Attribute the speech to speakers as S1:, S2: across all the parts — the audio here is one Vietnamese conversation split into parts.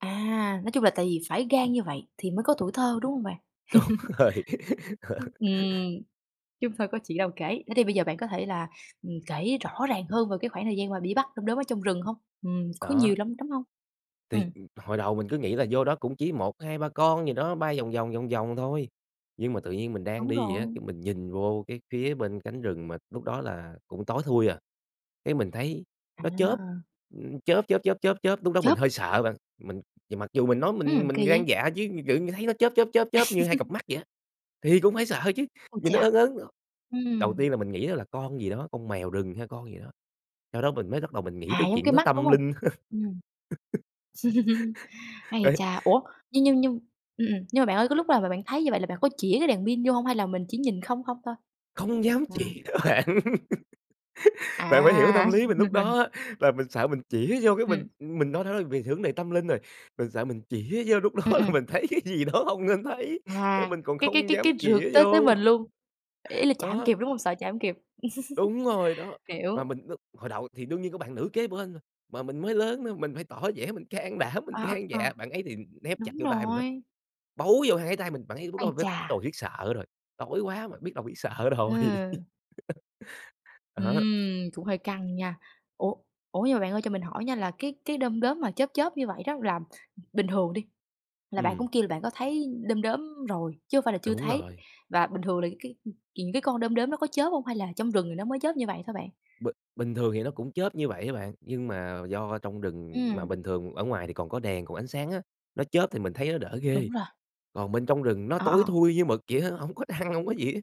S1: À, nói chung là tại vì phải gan như vậy thì mới có tuổi thơ, đúng hông bạn?
S2: Đúng rồi.
S1: Ừm, chứ hông thôi có chuyện đâu kể, thế thì bây giờ bạn có thể là, ừm, kể rõ ràng hơn về cái khoảng thời gian mà đi bắt đom đóm ở trong rừng hông? Ừm, có
S2: Đó.
S1: nhiều đom đóm hông?
S2: Thì
S1: Ừm.
S2: hồi đầu mình cứ nghĩ là vô đó cũng chỉ 1, 2, 3 gì đó, bay vòng vòng, vòng vòng thôi. Nhưng mà tự nhiên mình đang
S1: Đúng
S2: đi vậy á,
S1: rồi.
S2: cái mình nhìn vô cái phía bên cánh rừng mà lúc đó là cũng tối thui à, cái mình thấy nó chớp,
S1: À.
S2: ưm, chớp, chớp, chớp, chớp, chớp. Lúc đó mình
S1: Chớp.
S2: hơi sợ bạn, mình mặc dù mình nói mình
S1: Ừm,
S2: mình
S1: kỳ
S2: gan
S1: vậy?
S2: dạ chứ, tự như thấy nó chớp, chớp, chớp, chớp như hai cặp mắt vậy á, thì cũng phải sợ chứ,
S1: Ui
S2: nhìn nó
S1: cha!
S2: ớn ớn. Đầu
S1: Ừm.
S2: tiên là mình nghĩ đó là con gì đó, con mèo rừng hay con gì đó, sau đó mình mới bắt đầu mình nghĩ
S1: À,
S2: tới
S1: giống cái
S2: chuyện nó
S1: mắt, đúng
S2: tâm
S1: hông?
S2: linh.
S1: Ừm. Ấy
S2: Đấy.
S1: chà, ủa, nhưng nhưng nhưng ừm, ừm, nhưng mà bạn ơi cái lúc là bạn thấy như vậy là bạn có chĩa cái đèn pin vô hông? Hay là mình chỉ nhìn không không thôi?
S2: Không dám
S1: À.
S2: chĩa á bạn, bạn phải hiểu cái
S1: À!
S2: tâm lý mình lúc đó á, là mình sợ mình chĩa vô cái mình
S1: Ừm.
S2: mình nói nó về vấn đề tâm linh rồi, mình sợ mình chĩa vô lúc đó
S1: Ừm,
S2: là
S1: ừm.
S2: mình thấy cái gì đó không nên thấy,
S1: À,
S2: nên mình còn
S1: cái cái
S2: không
S1: cái
S2: dám
S1: cái rượt
S2: chĩa
S1: tới tới
S2: vô.
S1: mình luôn, ý là chạy hông
S2: Đó.
S1: kịp, đúng không? Sợ chạy hổng kịp?
S2: Đúng rồi đó, mà
S1: Hiểu.
S2: mình đ hồi đầu thì đương nhiên có bạn nữ kế bên rồi, mà mình mới lớn nữa, mình phải tỏ vẻ mình can đảm mình
S1: À,
S2: gan
S1: à,
S2: dạ, bạn ấy thì nép chặt
S1: đúng
S2: vô tay mình lắm,
S1: rồi.
S2: bấu vô hai cái tay mình, bạn ấy lúc đó là
S1: Ái
S2: bết bắt đầu
S1: chà.
S2: biết sợ rồi, tối quá mà, biết đầu biết sợ rồi.
S1: Ừm.
S2: Đó.
S1: Ừm, cũng hơi căng nha! Ủa ủa nhưng mà bạn ơi cho mình hỏi nha, là cái cái đom đóm mà chớp chớp như vậy đó là bình thường đi, là bạn
S2: Ừm.
S1: cũng kêu là bạn có thấy đom đóm rồi, chứ hông phải là chưa
S2: Đúng
S1: thấy,
S2: rồi.
S1: và bình thường là cái những cái con đom đóm nó có chớp hông hay là trong rừng thì nó mới chớp như vậy thôi bạn?
S2: B bình thường thì nó cũng chớp như vậy á bạn, nhưng mà do trong rừng mà
S1: Ừm.
S2: bình thường ở ngoài thì còn có đèn, còn ánh sáng á, nó chớp thì mình thấy nó đỡ
S1: Đúng
S2: ghê.
S1: rồi.
S2: Còn bên trong rừng nó
S1: Ờ,
S2: tối
S1: ờ.
S2: thui như mực vậy á, hổng có trăng hổng có gì á,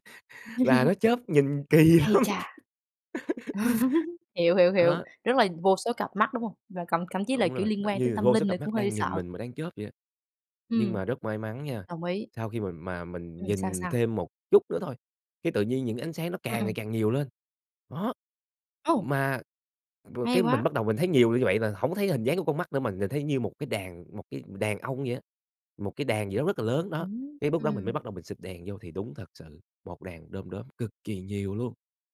S2: và nó chớp nhìn kỳ lắm.
S1: Ấy chà! Hiểu, hiểu, hiểu,
S2: Đó.
S1: rất là vô số cặp mắt, đúng hông? Rồi còn thậm chí là,
S2: Đúng
S1: kiểu,
S2: rồi,
S1: liên
S2: nó
S1: quan tới
S2: như là
S1: tâm
S2: vô số
S1: linh nữa
S2: cặp
S1: cũng
S2: mắt
S1: hơi
S2: đang nhìn
S1: sợ.
S2: mình mà đang chớp vậy á. Nhưng
S1: Ừm.
S2: mà rất may mắn nha,
S1: Đồng ý!
S2: sau khi mà mình
S1: Ừm, sao,
S2: nhìn
S1: sao?
S2: thêm một chút nữa thôi, cái tự nhiên những ánh sáng nó
S1: Ừm,
S2: càng ngày
S1: ừm.
S2: càng nhiều lên, đó.
S1: Ồ!
S2: Mà rồi
S1: Hay
S2: cái mình
S1: quá!
S2: bắt đầu mình thấy nhiều như vậy là hổng có thấy hình dáng của con mắt nữa mà nhìn thấy như một cái đàn một cái đàn ong vậy á một cái đàn gì đó rất là lớn đó. Cái lúc đó mình mới
S1: Ừm.
S2: bắt đầu mình xịt đèn vô thì đúng thật sự, một đàn đóm đóm cực kỳ nhiều luôn.